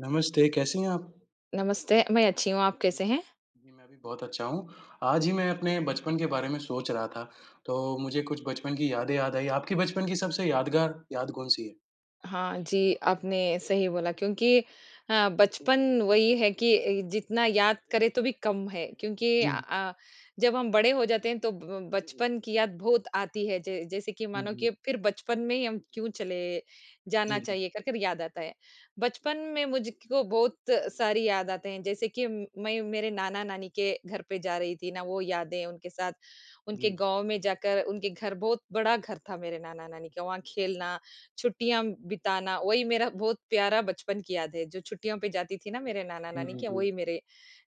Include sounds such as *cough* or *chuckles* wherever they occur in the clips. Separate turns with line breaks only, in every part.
नमस्ते, कैसी हैं आप?
नमस्ते, मैं अच्छी हूँ आप कैसे हैं?
जी, मैं भी बहुत अच्छा हूँ। आज ही मैं अपने बचपन के बारे में सोच रहा था, तो मुझे कुछ बचपन की यादें याद आई, आपकी बचपन की सबसे यादगार याद कौन-सी है?
हाँ जी, आपने सही बोला क्योंकि हाँ, बचपन वही है कि अ, जितना याद करें तो भी कम है, क्योंकि अ
जी।
अ, जब हम बड़े हो जाते हैं, तो ब बचपन की याद बहुत आती है, ज जैसे कि
जी,
मानो कि
जी।
फिर बचपन में ही हम क्यों चले जाना
जी।
चाहिए कर, कर याद आता है। बचपन में मुझको बहुत सारी याद आते हैं, जैसे कि मैं मेरे नाना-नानी के घर पे जा रही थी ना, वो यादें उनके साथ, उनके
जी।
गाँव में जाकर उनके घर बहुत बड़ा घर था मेरे नाना-नानी का, वहाँ
जी।
खेलना, छुट्टियाँ बिताना, वही मेरा बहुत प्यारा बचपन की याद है, जो छुट्टियों पे जाती थी ना मेरे
जी,
नाना-नानी
जी,
के यहाँ,
जी।
वही मेरे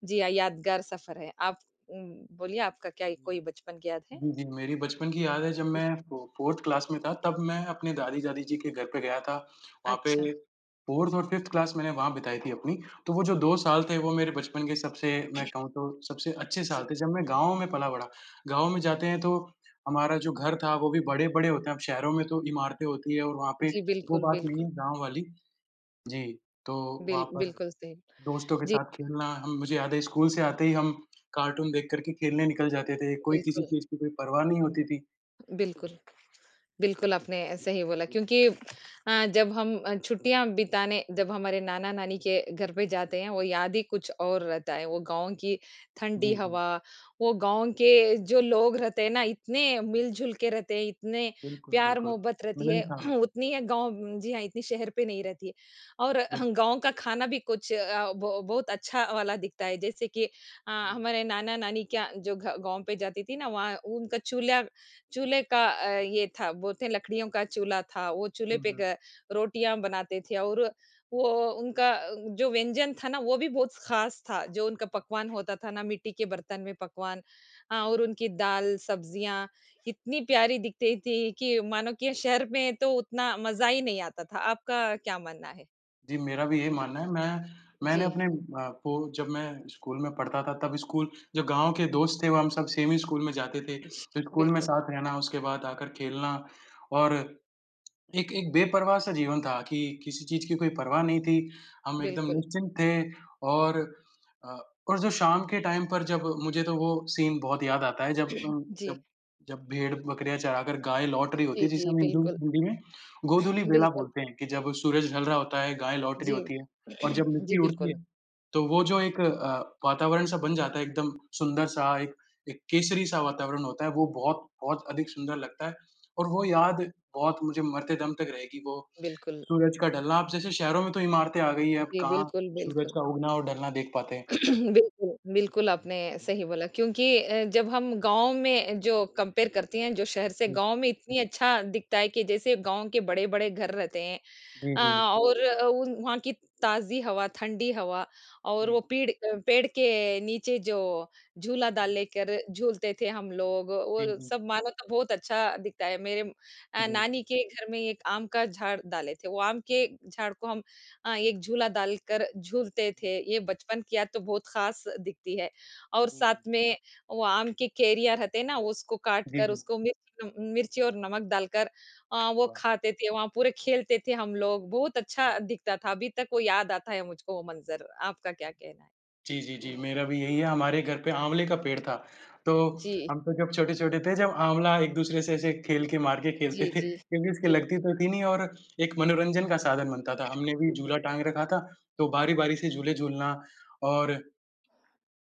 जी हाँ, यादगार सफर है। आप उम, बोलिए आपका क्या कोई
जी।
बचपन की याद है?
जी, जी, मेरी बचपन की याद है जब
जी।
मैं फो 4th क्लास में था, तब मैं अपने दादी जादि जी के घर पे गया था। वहाँ पे
अच्छा।
4th और 5th क्लास मैंने वहाँ बिताई थी अपनी। तो वो जो 2 साल थे वो मेरे बचपन के सबसे मैं कहूँ तो सबसे अच्छे
जी।
साल थे, जब मैं गाँव में पला-बड़ा, गाँव में जाते हैं, तो हमारा जो घर था वो भी बड़े बड़े होते हैं, अब शहरों में तो इमारतें होती है और वहाँ पे
जी,
वो
बिल्कुल,
बात नहीं
बिल्कुल।
है गाँव वाली। जी। तो
बिल
वहाँ पर
बिल्कुल सही,
दोस्तों के
जी।
साथ खेलना हम मुझे याद है स्कूल से आते ही हम कार्टून देख कर के खेलने निकल जाते थे, कोई किसी
बिल्कुल।
चीज़ की कोई परवाह नहीं होती थी।
बिल्कुल, बिल्कुल आपने सही बोला क्योंकि अ, जब हम अ, छुट्टियाँ बिताने जब हमारे नाना-नानी के घर पे जाते हैं, वो याद ही कुछ और रहता है, वो गाँव की ठंडी
जी, जी।
हवा, वो गाँव के जो लोग रहते हैं ना इतने मिलजुल के रहते हैं, इतने
बिल्कुल,
प्यार
बिल्कुल,
मोहब्बत रहती है,
मिलनसार होते हैं।
*clears throat* उतनी है गाँव जी हाँ, इतनी शहर पे नहीं रहती। और *clears throat* गाँव का खाना भी कुछ अ, बहु बहुत अच्छा वाला दिखता है, जैसे कि अ,
हुँ।
हमारे नाना-नानी का जो घ गाँव पे जाती थी ना, वहाँ उनका चूल्हा चूल्हे का अ,
हुँ।
ये था, बोलते हैं लकड़ियों का चूल्हा था, वो चूल्हे
हुँ,
पे
हुँ।
ग रोटियाँ बनाते थे और वो
हुँ।
उनका अ, जो व्यंजन था ना, वो भी बहुत ख़ास था, जो उनका
जी।
पकवान होता था ना, मिट्टी के बर्तन में पकवान अ, और
जी।
उनकी दाल, सब्ज़ियाँ इतनी प्यारी दिखती थी कि मानो कि शहर में तो उतना मज़ा ही नहीं आता था। आपका क्या मानना है?
जी, मेरा भी यही मानना है, मैं मैंने
जी।
अपने आपको जब मैं स्कूल में पढ़ता था, तब स्कूल जब गाँव के दोस्त थे वो हम सब सेम ही स्कूल में जाते थे। फिर स्कूल में
बिल्कुल।
साथ रहना उसके बाद आकर खेलना और एक एक बेपरवाह सा जीवन था कि किसी चीज़ की कोई परवाह नहीं थी, हम एकदम
बिल्कुल।
निश्चिंत थे और अ, और जो शाम के टाइम पर जब मुझे तो वो सीन बहुत याद आता है, जब
*clears throat*
उम,
जी।
जब जब भेड़, बकरियाँ चराकर गाय लौट रही होती
जी,
है, जिसे
जी,
हम हिंदू
बिल्कुल।
हिंदी में गोधूलि बेला
बिल्कुल।
बोलते हैं, कि जब सूरज ढल रहा होता है, गाय लौट रही
जी,
होती है और जब
*clears throat*
मिट्टी
जी,
उड़ती
बिल्कुल।
है। तो वो जो एक अ, वातावरण सा बन जाता है एकदम सुंदर सा, एक एक केसरी सा वातावरण होता है, वो बहुत-बहुत अधिक सुंदर लगता है और वो याद बहुत मुझे मरते दम तक रहेगी वो
बिल्कुल।
सूरज का ढलना। अब जैसे शहरों में तो इमारतें आ गई है, अब
जी,
कहाँ
बिल्कुल,
सूरज
बिल्कुल।
का उगना और ढलना देख पाते हैं।
*clears throat* बिल्कुल, बिल्कुल आपने सही बोला क्योंकि अ, जब हम गाँव में जो कंपेयर करती हैं, जो शहर से
जी।
गाँव में इतनी अच्छा दिखता है कि जैसे गाँव के बड़े-बड़े घर रहते हैं।
जी,
अ,
जी।
और उ वहाँ की ताज़ी हवा, ठंडी हवा और वो
जी।
पिड़ अ, पेड़ के नीचे जो झूला डाल
हुँ।
लेकर झूलते थे हम लोग,
जी,
वो
जी।
सब मानो तो बहुत अच्छा दिखता है, मेरे अ,
जी।
नानी के घर में एक आम का झाड़ डाले थे, वो आम के झाड़ को हम अ, एक झूला डालकर झूलते
जी।
थे, ये बचपन की याद तो बहुत ख़ास दिखती है। और
जी, जी।
साथ में वो आम के कैरियाँ रहते हैं ना, वो उसको काट
जी,
कर
जी।
उसको मिर्च नम मिर्ची और नमक डालकर अ, वो
वाह!
खाते थे, वहाँ पूरे खेलते थे हम लोग बहुत अच्छा
जी।
दिखता था, अभी तक वो याद आता है मुझको वो मंज़र। आपका क्या कहना है?
जी, जी, जी, मेरा भी यही है, हमारे घर पे आँवले का पेड़ था, तो
जी।
हम तो जब छोटे-छोटे थे जब आँवला एक-दूसरे से ऐसे खेल के मार के खेलते
जी,
थे
जी,
क्योंकि उसकी
बिल
लगती तो थी नहीं और एक मनोरंजन का साधन बनता था, हमने भी
जी।
झूला टाँग रखा था, तो बारी-बारी से झूले झूलना और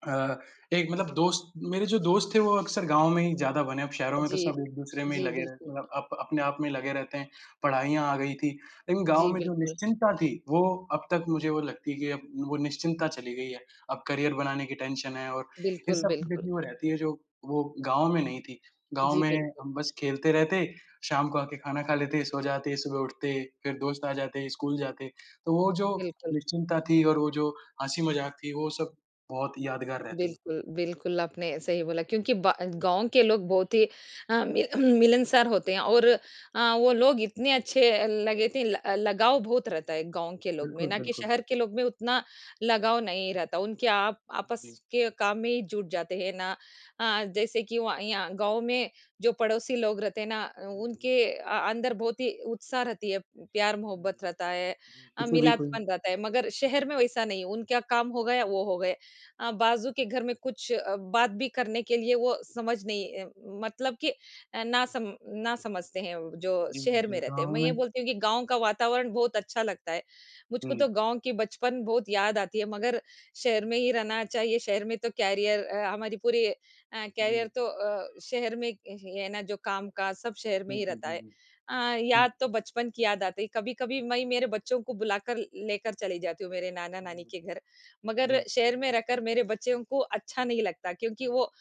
अ, एक मतलब दोस्त मेरे जो दोस्त थे वो अक्सर गाँव में ही ज़्यादा बने, अब शहरों में तो
जी,
सब एक-दूसरे में ही
जी,
लगे रहते हैं
बिल्कुल।
मतलब अप अपने आप में ही लगे रहते हैं। पढ़ाइयाँ आ गई थी, इन गाँव
जी,
में जो
बिल्कुल।
निश्चिंतता थी, वो अब तक मुझे वो लगती है कि वो निश्चिंतता चली गई है, अब करियर बनाने की टेंशन है और इन
बिल्कुल,
सब चीज़ें
बिल्कुल।
की वो रहती है, जो वो गाँव में नहीं थी। गाँव
जी,
में
बिल्कुल।
हम बस खेलते रहते, शाम को आके खाना खा लेते, सो जाते, सुबह उठते, फिर दोस्त आ जाते, स्कूल जाते, तो वो जो
बिल्कुल।
निश्चिंता थी और वो जो हँसी मज़ाक थी, वो सब बहुत यादगार रहती है।
बिल्कुल, बिल्कुल आपने सही बोला क्योंकि बा गाँव के लोग बहुत ही अ, मिल *clears throat* मिलनसार होते हैं और अ, वो लोग इतने अच्छे लगे थे, ल लगाव
हुँ।
बहुत रहता है गाँव के लोग में
बिल्कुल,
ना कि
बिल्कुल।
शहर के लोग में उतना लगाव नहीं रहता, उनके आप आपस
जी।
के काम में ही जुट जाते हैं ना अ, जैसे कि वहाँ यहाँ गाँव में जो पड़ोसी लोग रहते हैं ना,
हुँ, हुँ।
उनके अ, अंदर बहुत ही उत्साह रहती है, प्यार मोहब्बत रहता है
*unintelligible*
अ,
किसी भी कोई
मिलादपन रहता है। मगर शहर में वैसा नहीं है, उनका काम हो गया या वो हो गए अ, बाजू के घर में कुछ बात भी करने के लिए वो समझ नहीं अ, मतलब कि अ, ना सम ना समझते हैं व जो
जी, जी,
शहर
जी,
में रहते हैं।
गाँव
मैं ये
में
बोलती हूँ कि गाँव का वातावरण बहुत अच्छा लगता है, मुझको तो
जी।
गाँव की बचपन बहुत याद आती है मगर शहर में
जी।
ही रहना चाहिए, शहर में तो करियर अ, हमारी पूरी अ, करियर
जी।
तो अ, शहर में य ही है ना, जो काम-काज सब शहर में
हुँ,
ही
हुँ,
रहता है।
हुँ,
अ,
हुँ। हुँ।
याद तो बचपन की याद आती है, कभी-कभी मैं मेरे बच्चों को बुलाकर लेकर चली जाती हूँ, मेरे नाना-नानी
जी,
के घर, मगर
जी।
शहर में रहकर मेरे बच्चों को अच्छा नहीं लगता क्योंकि वो अ,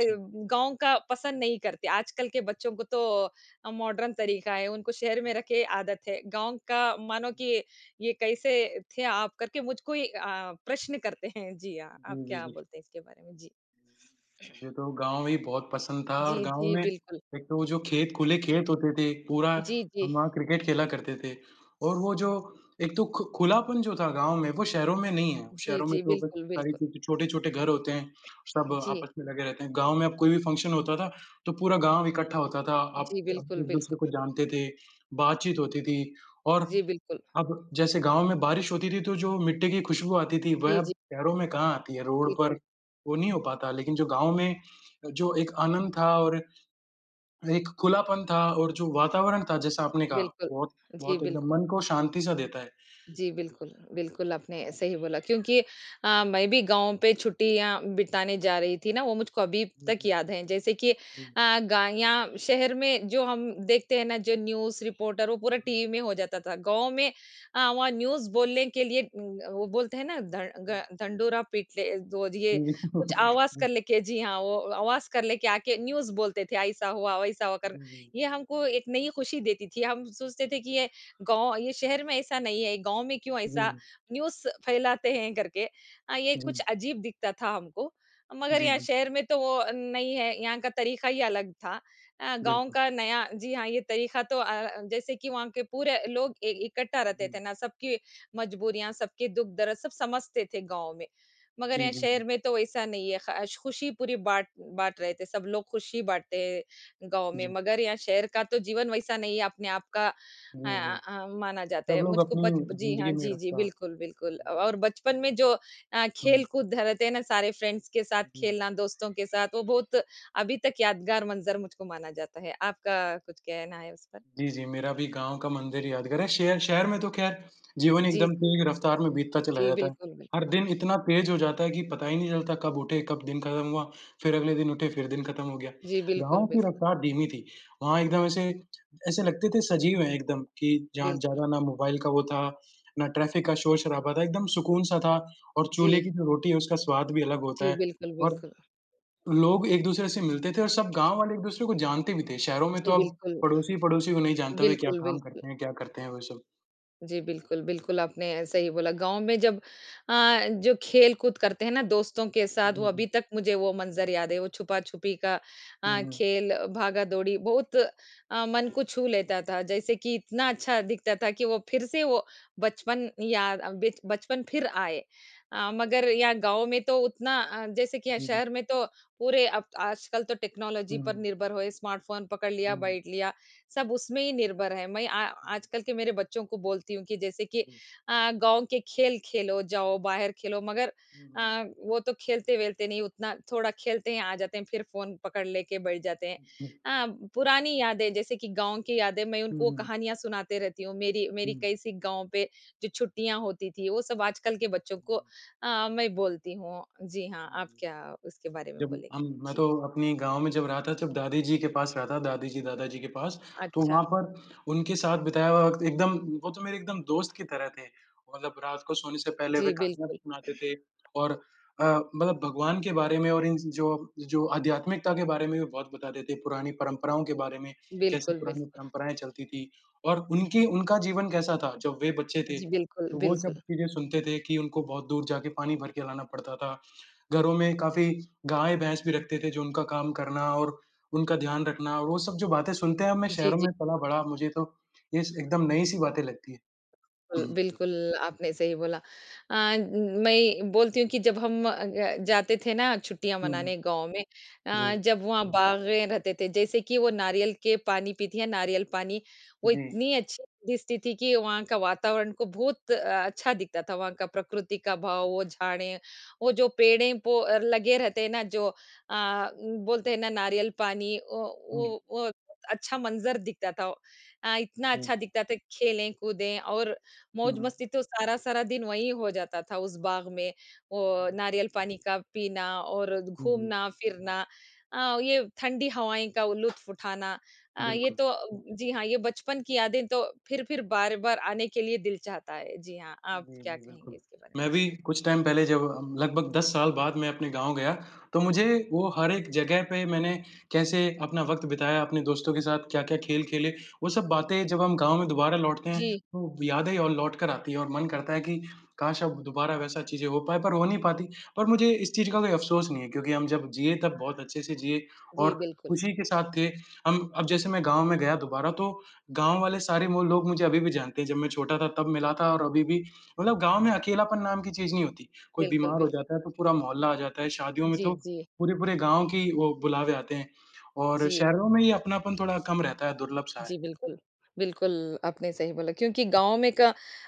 अच्छा।
का पसंद नहीं करते, आजकल के बच्चों को तो अ, मॉडर्न तरीका है, उनको शहर में
हुँ।
रखे आदत है। गाँव का मानो
हुँ।
कि ये, कैसे थे आप? करके मुझको ही अ, प्रश्न करते हैं। जी हाँ, आप
जी, जी,
क्या
जी।
बोलते हैं इसके बारे में? जी।
हुँ, मुझे तो
*clears throat*
गाँव ही बहुत पसंद था और
जी,
गाँव
जी,
में
बिल्कुल।
एक तो वो जो खेत खुले खेत होते थे, पूरा
*clears throat* जी, जी।
हम वहाँ क्रिकेट खेला करते थे और वो जो एक तो खु खुलापन जो था गाँव में, वो शहरों में नहीं है।
जी,
शहरों में
जी,
तो बस
बिल्कुल,
सारी
बिल्कुल।
चीज़ें छोटे-छोटे घर होते हैं, सब
जी।
आपस में लगे रहते हैं, गाँव में अब कोई भी फंक्शन होता था, तो पूरा गाँव इकट्ठा होता था। आप
जी, बिल्कुल, बिल्कुल।
एक-दूसरे को जानते थे, बातचीत होती थी और
जी, बिल्कुल।
अब जैसे गाँव में बारिश होती थी, तो जो मिट्टी की खुशबू आती थी वह
जी, जी।
अब शहरों में कहाँ आती है, रोड पर
बिल्कुल।
वो नहीं हो पाता, लेकिन जो गाँव में जो एक आनंद था और एक खुलापन था और जो वातावरण था, जैसा आपने कहा,
बिल्कुल,
बहुत
जी,
बहुत एकदम
बिल्कुल।
मन को शांति सा देता है।
जी, बिल्कुल, बिल्कुल
जी, जी।
आपने सही बोला क्योंकि अ, मैं भी गाँव पे छुट्टियाँ बिताने जा रही थी ना, वो मुझको अभी
जी,
तक
जी।
याद हैं, जैसे कि अ,
हुँ।
गा या शहर में जो हम देखते हैं ना, जो न्यूज़ रिपोर्टर वो पूरा
हुँ।
टीवी में हो जाता था। गाँव में अ, वहाँ न्यूज़ बोलने के लिए, उम अ, वो बोलते हैं ना, धं
हुँ।
घं ढिंढ़ोरा पीट ले, दो ज ये कुछ आवाज़ कर
*chuckles*
ले के जी हाँ, वो आवाज़ कर ले के आके न्यूज़ बोलते थे, ऐसा हुआ, वैसा हुआ
जी, जी।
करके। ये हमको एक नई खुशी देती थी, हम सोचते थे कि ये गाँव ये शहर में ऐसा नहीं है, गाँव में क्यों ऐसा
जी।
न्यूज़ फैलाते हैं करके। हाँ, ये
जी।
कुछ अजीब दिखता था हमको, मगर
जी,
यहाँ
बिल
शहर में तो वो अ, नहीं है, यहाँ का तरीका ही अलग था अ, गाँव
बिल्कुल।
का नया जी हाँ, ये तरीका तो अ, जैसे कि वहाँ के पूरे लोग इ इकट्ठा रहते
जी।
थे ना, सबकी मजबूरियाँ, सबके दुःख दर्द सब समझते थे गाँव में। मगर
जी,
यहाँ
जी,
शहर
जी।
में तो वैसा नहीं है, ख ख़ुशी पूरी बाँट बाँट रहे थे, सब लोग ख़ुशी बाँटते हैं, गाँव में
जी।
मगर यहाँ शहर का तो जीवन वैसा नहीं है, अपने आप का अ
हुँ, हुँ।
अ, माना जाता
सब
है।
लोग
मुझको
अपनी
बच जी
ज़िंदगी
हाँ,
में
जी, जी
रफ़्तार
बिल्कुल, बिल्कुल अ,
जी।
और बचपन में जो अ,
हुँ।
खेल-कूद रहते हैं ना, सारे फ्रेंड्स के साथ
जी।
खेलना, दोस्तों के साथ वो बहुत अभी तक यादगार मंज़र मुझको माना जाता है। आपका कुछ कहना है उस पर?
जी, जी, मेरा भी गाँव का मंदिर यादगार है, शहर शहर में तो खैर जीवन
जी।
एकदम तेज़ रफ़्तार में बीतता चला
जी,
जाता है।
बिल्कुल, बिल्कुल।
हर दिन इतना तेज़ हो जाता है कि पता ही नहीं चलता कब उठे, कब दिन खत्म हुआ, फिर अगले दिन उठे, फिर दिन खत्म हो गया।
जी, बिल्कुल,
गाँव की
बिल्कुल।
रफ़्तार धीमी थी, वहाँ एकदम ऐसे ऐसे लगते थे सजीव हैं एकदम, कि जहाँ
बिल्कुल।
ज़्यादा ना मोबाइल का वो था, ना ट्रैफिक का शोर-शराबा था, एकदम सुकून सा था और चूल्हे
जी।
की जो रोटी है, उसका स्वाद भी अलग होता
जी,
है।
बिल्कुल,
और
बिल्कुल।
लोग एक-दूसरे से मिलते थे और सब गाँव वाले एक दूसरे को जानते भी थे, शहरों में तो
जी,
अब
बिल्कुल।
पड़ोसी, पड़ोसी को नहीं जानता, वे क्या
बिल्कुल,
काम
बिल्कुल।
करते हैं, क्या करते हैं, वो सब।
जी, बिल्कुल, बिल्कुल आपने सही बोला गाँव में जब अ, जो खेलकूद करते हैं ना, दोस्तों के साथ वो
हुँ,
अभी
हुँ।
तक मुझे वो मंज़र याद है, वो छुपा छुपी का
हुँ,
अ,
हुँ।
खेल भागा-दौड़ी बहुत अ, मन को छू लेता था। जैसे कि इतना अच्छा दिखता था कि वो फिर से वो बचपन याद अ, बिच बचपन फिर आए अ, मगर यहाँ गाँव में तो उतना अ, जैसे कि यहाँ
हुँ, हुँ।
शहर में तो पूरे अब आजकल तो टेक्नोलॉजी
हुँ,
पर
हुँ।
निर्भर हुए स्मार्टफ़ोन पकड़ लिया,
हुँ।
बैठ लिया सब उसमें ही निर्भर है। मैं आ आजकल के मेरे बच्चों को बोलती हूँ कि, जैसे कि
हुँ।
अ, "गाँव के खेल खेलो, जाओ बाहर खेलो" मगर
हुँ,
अ,
हुँ।
वो तो खेलते-वेलते नहीं उतना थोड़ा खेलते हैं, आ जाते हैं फिर फ़ोन पकड़ ले के बैठ जाते हैं। अ, पुरानी यादें जैसे कि गाँव की यादें मैं
हुँ,
उनको
हुँ।
कहानियाँ सुनाते रहती हूँ, मेरी, मेरी
हुँ।
कैसी गाँव पे जो छुट्टियाँ होती थी वो सब आजकल के बच्चों को अ अ, मैं बोलती हूँ। जी हाँ, आप क्या उसके बारे में
जब
बोलेंगे?
हम मैं
जी।
तो अपनी गाँव में जब रहा था जब दादीजी के पास रहा था, दादीजी-दादाजी के पास, तो वहाँ
अच्छा।
पर उनके साथ बिताया हुआ वक़्त एकदम वो तो मेरे एकदम दोस्त की तरह थे। वो मतलब रात को सोने से पहले वे
जी,
कहानियाँ भी
बिल्कुल।
सुनाते थे
*clears throat*
और अ, मतलब भगवान के बारे में और इन जो जो आध्यात्मिकता के बारे में भी बहुत बताते थे, पुरानी परंपराओं के बारे में कैसे
बिल्कुल,
पुरानी
बिल्कुल।
परंपराएँ चलती थी और उनकी उनका जीवन कैसा था जब वे बच्चे थे,
जी, बिल्कुल,
तो वो सब
बिल्कुल।
चीज़ें सुनते थे कि उनको बहुत दूर जाके पानी भर के लाना पड़ता था। घरों में काफ़ी गाय-भैंस भी रखते थे जो उनका काम करना और उनका ध्यान रखना, वो सब जो बातें सुनते हैं अब मैं
जी,
शहरों
जी।
में पला-बड़ा मुझे तो ये स एकदम नई-सी बातें लगती
कुल
हैं। *clears throat*
बिल्कुल आपने सही बोला। अ उम, मैं बोलती हूँ कि जब हम अ अ, जाते थे ना छुट्टियाँ
हुँ, हुँ।
मनाने गाँव में अ,
जी।
जब वहाँ बागें रहते थे, जैसे कि वो नारियल के पानी पीती है, नारियल पानी वो
जी।
इतनी अच्छी दिस थी, थी कि वहाँ का वातावरण को बहुत अ, अच्छा दिखता था वहाँ का प्रकृति का भाव, वो झाड़ें, वो जो पेड़े पो आर लगे रहते हैं ना जो अ उम, बोलते हैं ना नारियल पानी अ,
हुँ।
वो वो अच्छा मंजर दिखता था। अ, इतना
हुँ।
अच्छा दिखता था खेले-कूदें और
हुँ,
मौज
हुँ।
मस्ती तो सारा-सारा दिन वही हो जाता था उस बाग में वो नारियल पानी का पीना और
हुँ, हुँ।
घूमना-फिरना अ, ये ठंडी हवाएँ का लुत्फ़ उठाना। अ, ये
बिल्कुल।
तो जी हाँ, ये बचपन की यादें तो फिर-फिर, बार-बार आने के लिए दिल चाहता है। जी हाँ। आप
जी,
क्या
जी, बिल्कुल।
कहेंगे इसके बारे में?
मैं
जी।
भी कुछ टाइम पहले जब हम लगभग 10 साल बाद मैं अपने गाँव गया तो मुझे वो हर एक जगह पे मैंने कैसे अपना वक़्त बिताया, अपने दोस्तों के साथ क्या-क्या खेल खेले वो सब बातें जब हम गाँव में दोबारा लौटते हैं,
जी।
तो यादें और लौटकर आती है और मन करता है कि काश अब दोबारा वैसा चीज़ें हो पाए पर हो नहीं पाती। पर मुझे इस चीज़ का कोई अफ़सोस नहीं है, क्योंकि हम जब जिए तब बहुत अच्छे से जिए
जी,
और
बिल्कुल।
खुशी के साथ थे। हम अब जैसे मैं गाँव में गया दोबारा तो गाँव वाले सारे वो लोग मुझे अभी भी जानते हैं, जब मैं छोटा था तब मिला था और अभी भी मतलब गाँव में अकेलापन नाम की चीज़ नहीं होती। कोई
बिल्कुल,
बीमार हो
बिल्कुल।
जाता है तो पूरा मोहल्ला आ जाता है, शादियों में
जी,
तो
जी।
पूरे-पूरे गाँव की, वो बुलावे आते हैं। और
जी।
शहरों में ये अपनापन थोड़ा कम रहता है, दुर्लभ सा है।
जी, बिल्कुल। बिल्कुल, आपने सही बोला क्योंकि गाँव में का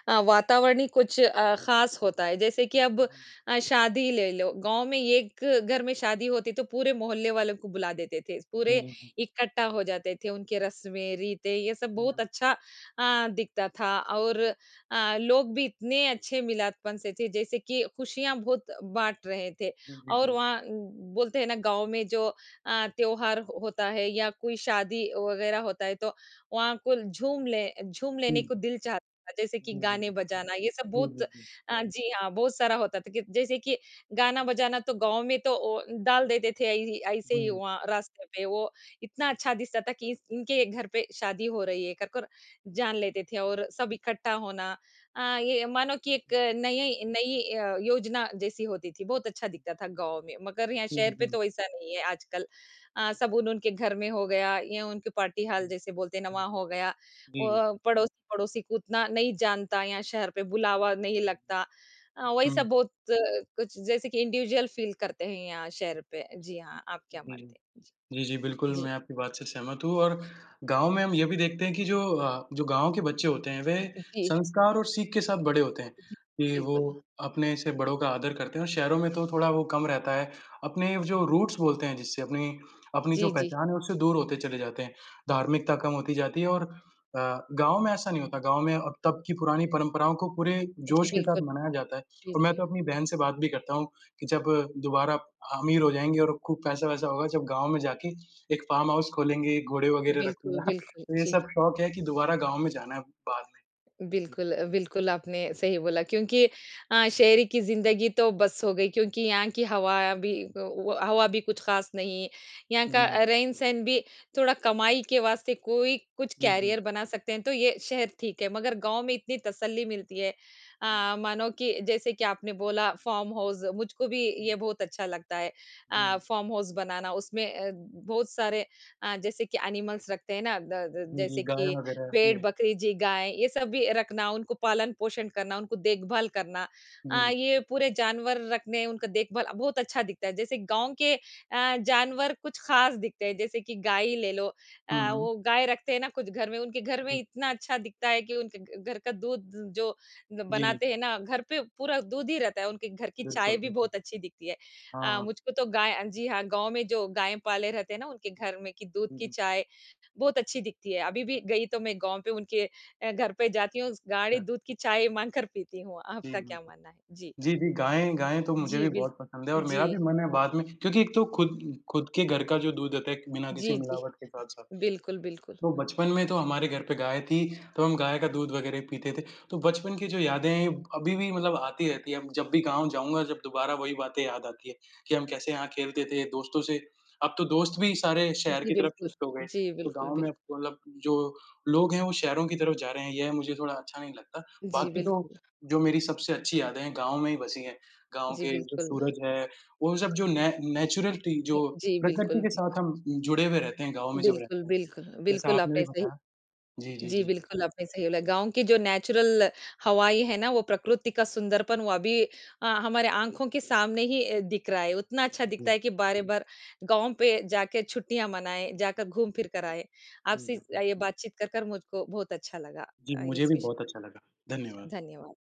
अ, वातावरण ही कुछ अ, खास होता है, जैसे कि अब अ, शादी ले लो, गाँव में एक घर में शादी होती तो पूरे मोहल्ले वालों को बुला देते थे, पूरे
हुँ, हुँ।
इकट्ठा हो जाते थे, उनके रस्में-रीते ये सब बहुत
हुँ।
अच्छा अ, दिखता था। और अ, लोग भी इतने अच्छे मिलादपन से थे जैसे कि खुशियाँ बहुत बाँट रहे थे
जी, जी,
और
जी।
वहाँ उम, बोलते हैं ना गाँव में जो अ, त्योहार होता है या कोई शादी वगैरह होता है तो वहाँ को ल झूम ले झूम
हुँ,
लेने को
हुँ।
दिल चाहता, जैसे कि
जी, जी,
गाने
जी।
बजाना ये सब
जी,
बहुत
जी, जी।
हाँ, जी हाँ, बहुत सारा होता था कि जैसे कि गाना बजाना तो गाँव में तो ओ डाल देते थे इ ऐसे ही
हुँ।
वहाँ रास्ते पे। वो इतना अच्छा दिखता था कि इस इनके घर पे शादी हो रही है करकर जान लेते थे और सब इकट्ठा होना। अ, ये मानो कि एक
जी।
नई, यई नई अ, योजना जैसी होती थी बहुत अच्छा दिखता था गाँव में। मगर यहाँ
हुँ,
शहर पे
हुँ।
तो ऐसा नहीं है आजकल। अ, साबुन उनके घर में हो गया या उनकी पार्टी हाल
हुँ।
जैसे बोलते हैं ना हो गया
जी।
और पड़ोसी-पड़ोसी को उतना नहीं जानता यहाँ शहर पे बुलावा नहीं लगता। अ, वही सब
हुँ।
बहुत कुछ जैसे कि इंडिविजुअल फील करते हैं यहाँ शहर पे। जी हाँ। आप क्या
जी, जी।
मानते हैं? जी।
जी, जी, बिल्कुल
जी।
मैं आपकी बात से सहमत हूँ और गाँव में हम ये भी देखते हैं कि जो अ, जो गाँव के बच्चे होते हैं, वे
जी।
संस्कार और सीख के साथ बड़े होते हैं,
जी।
कि वो
बिल्कुल।
अपने से बड़ों का आदर करते हैं और शहरों में तो थोड़ा वो कम रहता है। अपने व जो रूट्स बोलते हैं जिससे अपनी, अपनी जो
जी, जी।
पहचान है, उससे दूर होते चले जाते हैं। धार्मिकता कम होती जाती है और अ, गाँव में ऐसा नहीं होता। गाँव में अब तब की पुरानी परंपराओं को पूरे
जी,
जोश के साथ
बिल्कुल।
मनाया जाता है
जी,
और मैं
जी।
तो अपनी बहन से बात भी करता हूँ कि जब दोबारा ह अमीर हो जाएँगे और खूब पैसा-वैसा होगा जब गाँव में जाके एक फार्म हाउस खोलेंगे, घोड़े वगैरह
बिल्कुल,
रखूँगा, *chuckles*
बिल्कुल,
तो ये
जी।
सब शौक है कि दोबारा गाँव में जाना है बाद में।
बिल्कुल अ, बिल्कुल आपने सही बोला क्योंकि अ, शहर की ज़िंदगी तो बस हो गई, क्योंकि यहाँ की हवा भी तो वो हवा भी कुछ खास नहीं, यहाँ का
हुँ।
रहन-सहन भी थोड़ा कमाई के वास्ते कोई कुछ
जी, जी।
करियर बना सकते हैं, तो ये शहर ठीक है, मगर गाँव में इतनी तसल्ली मिलती है
हुँ।
अ, मानो कि जैसे कि आपने बोला फ़ार्म हाउस मुझको भी ये
हुँ।
बहुत अच्छा लगता है। अ,
हुँ।
फ़ार्म हाउस बनाना उसमें अ, बहुत सारे अ, जैसे कि एनिमल्स रखते हैं ना, द अ,
जी, जी।
जैसे
गाय
कि
वगैरह,
भेड़,
जी।
बकरी जी, गाय, ये सब भी रखना, उनको पालन पोषण करना, उनको देखभाल करना अ,
जी।
ये पूरे जानवर रखने, उनका देखभाल बहुत अच्छा दिखता है। जैसे गाँव के अ, जानवर कुछ खास दिखते हैं, जैसे कि गाय ही ले लो
हुँ,
अ,
हुँ।
वो गाय रखते हैं ना कुछ घर में, उनके घर में
जी।
इतना अच्छा दिखता है कि उनके घ घर का दूध जो ग
जी।
बनाते हैं ना, घर पे पूरा दूध ही रहता है, उनके घर की चाय
बिल्कुल,
भी
बिल्कुल।
बहुत अच्छी दिखती है। अ,
हाँ।
मुझको तो गाय अ, जी हाँ, गाँव में जो गाय पाले रहते हैं ना, उनके
*unintelligible*
घर में की दूध
जी,
की
जी।
चाय बहुत अच्छी दिखती है, अभी भी गई तो मैं गाँव पे उनके अ, घर पे जाती हूँ स गाढ़ी
अच्छा।
दूध की चाय माँग कर पीती हूँ।
जी,
आपका
जी,
क्या
जी।
मानना है? जी।
जी, जी गायें गायें तो मुझे
जी,
भी
बिल्क
बहुत पसंद है और
जी।
मेरा भी मन है बाद में क्योंकि एक तो खुद खुद के घर का जो दूध होता है एक, बिना किसी
जी, जी।
मिलावट के साथ-साथ।
बिल्कुल, बिल्कुल।
तो बचपन में तो हमारे घर पे गाय थी, तो हम गाय का दूध वगैरह ही पीते थे, तो बचपन की जो यादें हैं अभी भी मतलब आती रहती है, अब जब भी गाँव जाऊँगा जब दोबारा वही बातें याद आती है। कि हम कैसे यहाँ खेलते थे दोस्तों से अब तो दोस्त भी सारे शहर
जी,
की तरफ
बिल्कुल।
शिफ्ट हो गए,
जी,
तो
बिल्कुल,
गाँव में
बिल
अब तो मतलब जो लोग हैं वो शहरों की तरफ जा रहे हैं, यह मुझे थोड़ा अच्छा नहीं लगता।
जी,
बाकी
बिल्कुल।
तो जो मेरी सबसे अच्छी यादें हैं गाँव में ही बसी है, गाँव
जी,
के जो
बिल्कुल।
सूरज हैं, वो जब जो ने नेचुरलटी
उम,
जो
जी,
प्रकृति
बिल्कुल,
के
बिल्क
साथ हम अ, जुड़े हुए रहते हैं गाँव में जब
बिल्कुल,
रहते हैं।
बिल्क
जैसा
बिल्कुल
आपने भी
आपने सही
बताया। जी, जी,
जी,
जी।
बिल्कुल आपने सही बोला। गाँव की जो नेचुरल हवाएँ है ना, वो प्रकृति का सुंदरपन वो अभी अ, हमारे आँखों के सामने ही अ, दिख रहा है, उतना अच्छा
जी,
दिखता
जी।
है कि बार-बार गाँव पे जाके छुट्टियाँ मनाएँ, जाकर घूम फिर कर आए।
जी,
आपसे अ,
जी।
ये बातचीत कर कर मुझको बहुत अच्छा लगा
जी,
अ,
मुझे
इस
भी
विषय
बहुत
पर।
अच्छा लगा।
छा
धन्यवाद।
धन्यवाद।